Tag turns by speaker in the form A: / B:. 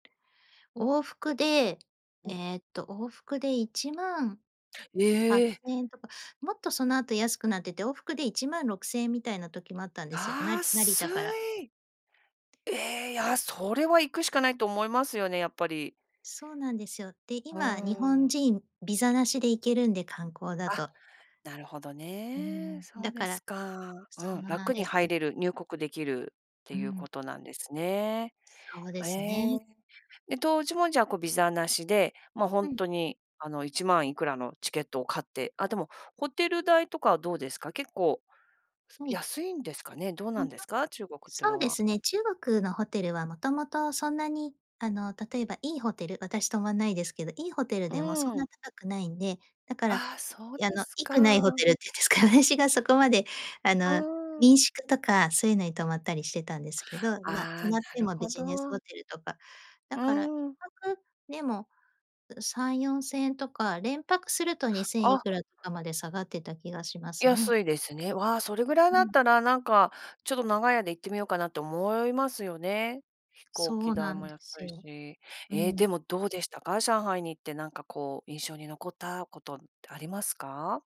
A: 往復で、
B: うん。
A: ええと、往復でいちまんはっ
B: ええ。
A: せんえんとか、もっとその後安くなってて、往復で1万6千円みたいな時もあったんですよ、なり成
B: 安
A: 田から。
B: い。ええ、いや、それは行くしかないと思いますよね、やっぱり。
A: そうなんですよ。で、
B: うー
A: 今、日本
B: ん。
A: 人ビザなしで行けるんで、観光だ
B: あ、
A: と。
B: なるほど
A: うー
B: ね。
A: ん。
B: そ
A: だ
B: うで
A: から
B: すか。
A: そ
B: うん。
A: うなん
B: 楽
A: で
B: に
A: す
B: 入
A: よ。
B: れる、入国できるって
A: う
B: いう
A: ん。
B: ことなんですね。
A: そうで
B: え
A: す
B: え。
A: ね。
B: で、当時も、じゃあ、こう、ビザなしで、ま、ほ
A: う
B: ん
A: ん。
B: とに、あの、1万いくらのチケットを買って。あ、でも、ホテル代とかはどうですか？結構、す
A: はい。
B: 安いんですかね、どうな
A: も
B: ん
A: と
B: ですか？中国っていう
A: そう
B: の
A: で
B: は。
A: すね、中国のホテルは、元々そんなに、あの、例えばいいホテル、私、泊まんないですけど、いいホテル
B: う
A: でもそ
B: ー
A: んな
B: ん。
A: 高くないんで、だから、
B: ああ、そう
A: い
B: で
A: あの、
B: す
A: いくないホテ
B: か。
A: ルっていうんですか？私がそこまで、あ
B: う
A: の、
B: ーん。
A: 民宿とかそういうのに泊まったりしてたんですけど、まあ、泊
B: ああ、
A: まって
B: なる
A: もビ
B: ほ
A: ジネス
B: ど。
A: ホテルとか。
B: う
A: だからいっ
B: ーん。
A: ぱくでも、うう、3、4千円とか、連泊すると2千い
B: あ。
A: くらとかまで下がってた気がしますね。
B: 安いですね。わあ、それぐらい
A: う
B: だっ
A: ん。
B: たら、なんか、ちょっと長い間行ってみようかなと思いますよね。飛行
A: そ
B: 機
A: う
B: 代
A: なん
B: も
A: で
B: 安
A: す
B: い
A: よ。
B: し。
A: う
B: え、で
A: ん。
B: も、どうでしたか？上海に行って、なんか、こう、印象に残ったことってありますか？